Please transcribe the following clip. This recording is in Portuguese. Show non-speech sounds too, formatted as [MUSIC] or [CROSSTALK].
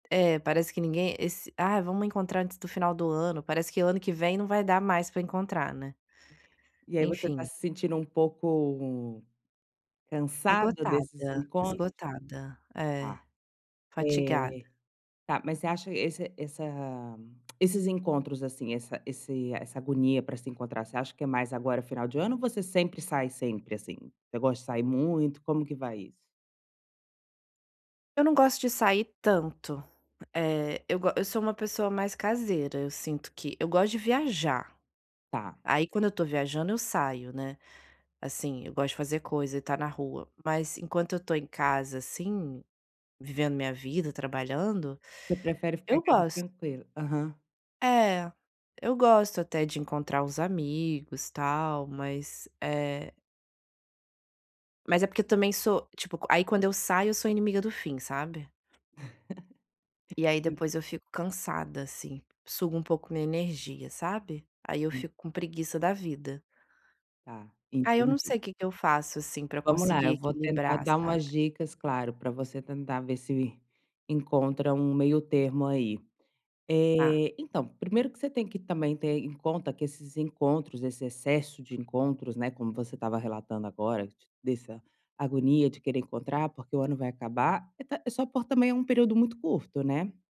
É, parece que ninguém esse "Ah, vamos encontrar antes do final do ano", parece que ano que vem não vai dar mais para encontrar, né. E aí você está Enfim. se sentindo um pouco cansada desses Esgotada, encontros? esgotada. É, Ah, fatigada. eh. Tá, mas você acha esse essa [CLICKS TONGUE] esses encontros, assim, essa esse essa agonia para se encontrar, você acha que é mais agora final de ano, ou você sempre sai sempre, assim? "Eu gosto de sair muito", como que vai isso? Eu não gosto de sair tanto. Eh, eu gos eu sou uma pessoa mais caseira, eu sinto que eu gosto de viajar. Tá. Aí quando eu estou viajando, eu saio, né. Assim, eu gosto de fazer coisa e estar na rua, mas enquanto eu estou em casa, assim, vivendo minha vida, trabalhando, Você prefere ficar eu em casa gosto. tranquilo. Aham. É, eu gosto, até, de encontrar os amigos, tal, mas é mas é porque, eu também sou tipo, aí quando eu saio, eu sou inimiga do fim, sabe. E [LAUGHS] aí, E. depois eu fico cansada, assim, suga um pouco minha energia, sabe. Aí eu [UNINTELLIGIBLE] fico com preguiça da vida. Tá, Ai, eu não entendi. sei o que que eu faço, assim, para Vamos lá, conseguir eu vou tentar equilibrar, dar sabe. umas dicas, claro, para você tentar ver se encontra um meio-termo aí. Ah. Eh, então, primeiro que você tem que também ter em conta que esses encontros, esse excesso de encontros, né, como você estava relatando agora, t dessa agonia de querer encontrar, porque o ano vai acabar, e tá é só por também é um período muito curto, né.